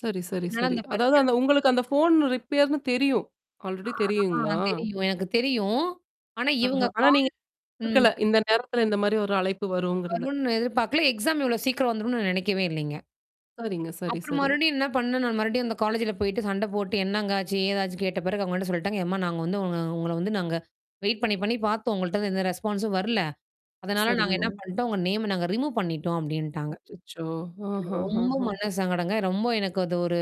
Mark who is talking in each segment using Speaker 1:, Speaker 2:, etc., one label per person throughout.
Speaker 1: சரி, சரி,
Speaker 2: என்னால
Speaker 1: சரி.
Speaker 2: அந்த பரீச்சை
Speaker 1: அதாவது
Speaker 2: எழுத
Speaker 1: அந்த உங்களுக்கு அந்த ஃபோன் ரிப்பேர்ன்னு தெரியும். ஆல்ரெடி
Speaker 2: ஆ
Speaker 1: தெரியுங்களா?
Speaker 2: தெரியும். எனக்கு தெரியும். ஆனா
Speaker 1: ஆஹா!
Speaker 2: இவுங்க
Speaker 1: ஆனா
Speaker 2: கால்
Speaker 1: நீங்க
Speaker 2: ம்.
Speaker 1: குடுக்கல. இந்த நேரத்தல இந்தமாரி ஒரு அழைப்பு வருங்கிறது.
Speaker 2: வரும்ன்னு எதிர்பார்கல. எக்ஸாம் இவ்ளோ சீக்கிரம் வந்துரும்ன்னு நான் நினைக்கவே இல்லேங்க.
Speaker 1: சரிங்க. சரி,
Speaker 2: அப்புறம்
Speaker 1: சரி.
Speaker 2: மறுபடியும் என்ன பண்ணேன் நான் மறுபடியும் அந்த காலேஜ்ல போயிட்டு சண்ட போட்டு என்னங்க ஆச்சு? ஏதாச்சு கேட்ட பிறகு அவுங்க என்ன சொல்லிட்டாங்க. "ஏம்மா! நாங்க வந்து உ உங்கள வந்து நாங்க வெயிட் பண்ணி, பண்ணி பார்த்தோம், உங்கள்ட்ட இருந்து எந்த ரெஸ்பான்ஸும் வரல. அதனால நாங்க
Speaker 1: சரிங்கோ.
Speaker 2: என்ன பண்ட்டோம், உங்க நேம்ம நாங்க ரிமூவ் பண்ணிட்டோம்" அப்பிடின்ட்டாங்க.
Speaker 1: அச்சச்சோ!
Speaker 2: எனக்கு
Speaker 1: ஆஹா! ஹா,
Speaker 2: ரொம்ப
Speaker 1: ஹா
Speaker 2: மன சங்கடங்க. ரொம்ப எனக்கு அது ஒரு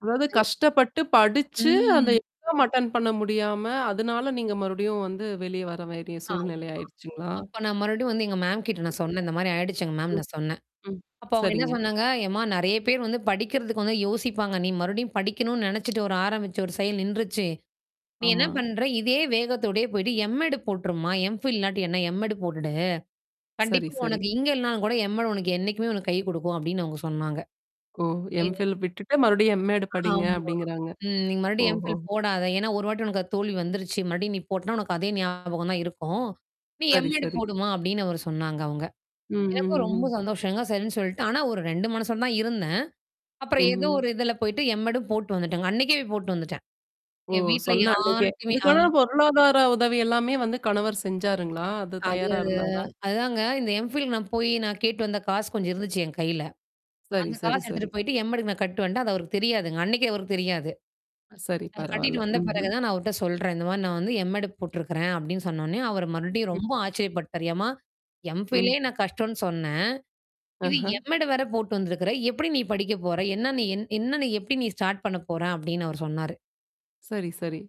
Speaker 1: அதாவது
Speaker 2: [unintelligible]
Speaker 1: கஷ்டப்பட்டு படிச்சு அந்த
Speaker 2: ம்.
Speaker 1: எக்ஸாம் அட்டண்ட் பண்ண முடியாம, அதனால நீங்க மறுபடியும் வந்து வெளிய வர வேண்டிய
Speaker 2: ஆமா.
Speaker 1: சூழ்நிலை ஆயடுச்சுங்களா?
Speaker 2: அப்ப நான் மறுபடியும் வந்து எங்க மேம்கிட்ட நான் சொன்னேன் இந்தமாரி ஆயிடுச்சு எங்க மேம்
Speaker 1: [unintelligible]
Speaker 2: நான் சொன்னேன்.
Speaker 1: ம். ம்.
Speaker 2: அப்ப அவுங்க என்ன
Speaker 1: சரிங்க.
Speaker 2: சொன்னாங்க, "யம்மா நெறைய பேர் வந்து படிக்கிறதுக்கு வந்து யோசிப்பாங்க. நீ மறுபடியும் படிக்கணுன்னு நெனச்சுட்டு ஒரு ஆரம்பிச்சு ஒரு செயல் நின்றுச்சு. நீ என்ன
Speaker 1: ஆமா.
Speaker 2: பண்ற? இதே வேகத்தோடயே போயிட்டு M.Ed. போட்டுருமா? M.Phil இல்லாட்டி என்ன M.Ed. போட்டு.
Speaker 1: சரி,
Speaker 2: கண்டிப்பா
Speaker 1: சரி.
Speaker 2: உனக்கு இங்க இல்லனாலும் கூட M.Ed. உனக்கு என்னைக்குமே உனக்கு கை கொடுக்கும்." அப்பிடின்னு அவுங்க சொன்னாங்க.
Speaker 1: ஓ!
Speaker 2: [unintelligible]
Speaker 1: M.Phil விட்டுட்டு மறுபடியும் M.Ed படிங்க
Speaker 2: ஆமா.
Speaker 1: அப்பிடிங்கிறாங்க.
Speaker 2: ம். "நீங்க மறுபடியும்
Speaker 1: ஓஹோ!
Speaker 2: M.Phil போடாத. ஏன்னா ஒரு வாட்டி உனக்கு தோல்வி வந்துருச்சு. மறுபடியும் நீ போட்டனா உனக்கு அதே ஞாபகம் தான் இருக்கும். நீ
Speaker 1: சரி,
Speaker 2: M.Ed.
Speaker 1: சரி.
Speaker 2: போடுமா?" அப்பிடின்னு அவரு சொன்னாங்க அவுங்க.
Speaker 1: ம்ஹ்ம்,
Speaker 2: எனக்கும்
Speaker 1: ம்,
Speaker 2: ரொம்ப
Speaker 1: ம்.
Speaker 2: சந்தோஷங்க. சரின்னு சொல்லிட்டு. ஆனா, ஒரு 2 மனசோட தான் இருந்தேன். அப்புறம் ஏதோ
Speaker 1: ம்ஹ்ம்.
Speaker 2: ஒரு இதுல போயிட்டு M.Ed. ம் போட்டு வந்துட்டேங்க. அன்னக்கே போய் போட்டு வந்துட்டேன்.
Speaker 1: ஓ!
Speaker 2: என் வீட்ல
Speaker 1: சொன்ன அன்னக்கே!
Speaker 2: யார்ட்டயுமே ஆ.
Speaker 1: அதுக்கான பொருளாதார உதவி எல்லாமே வந்து கணவர் செஞ்சாருங்களா? அது
Speaker 2: அது
Speaker 1: தயாரா இருந்தாரா?
Speaker 2: அதாங்க. இந்த M.Phil நான் போய் நான் கேட்டு வந்த காசு கொஞ்சம் இருந்துச்சு என் கையில.
Speaker 1: சரி,
Speaker 2: அந்த
Speaker 1: சரி,
Speaker 2: காசு எடுத்துட்டு
Speaker 1: சரி.
Speaker 2: போயிட்டு M.Ed. க்கு நான் கட்டு வந்டேன், அது அவருக்கு தெரியாதுங்க. அன்னக்கே அவருக்கு தெரியாது.
Speaker 1: சரி.
Speaker 2: அத கட்டிட்டு
Speaker 1: பரவால்ல.
Speaker 2: வந்த பிறகு
Speaker 1: ம்ஹ்ம்.
Speaker 2: தான் நான் அவர்ட்ட சொல்றேன். இந்தமாரி நான் வந்து M.Ed. போட்டுருக்கிறேன். அப்பிடின்னு சொன்னவுனே அவரு மறுபடியும்
Speaker 1: ம்.
Speaker 2: ரொம்ப ஆச்சரியப்பட்டாரு. "ஏம்மா! M.Philலே
Speaker 1: ம்.
Speaker 2: நான் கஷ்டோன்னு சொன்னேன். இது
Speaker 1: ஆஹ!
Speaker 2: M.Ed. வேற போட்டு வந்திருக்கிற. எப்பிடி நீ படிக்க போற என்னன்ன என் என்னன்னு எப்பிடி நீ ஸ்டார்ட் பண்ண போற" அப்பிடின்னு அவர் சொன்னாரு.
Speaker 1: சரி, சரி.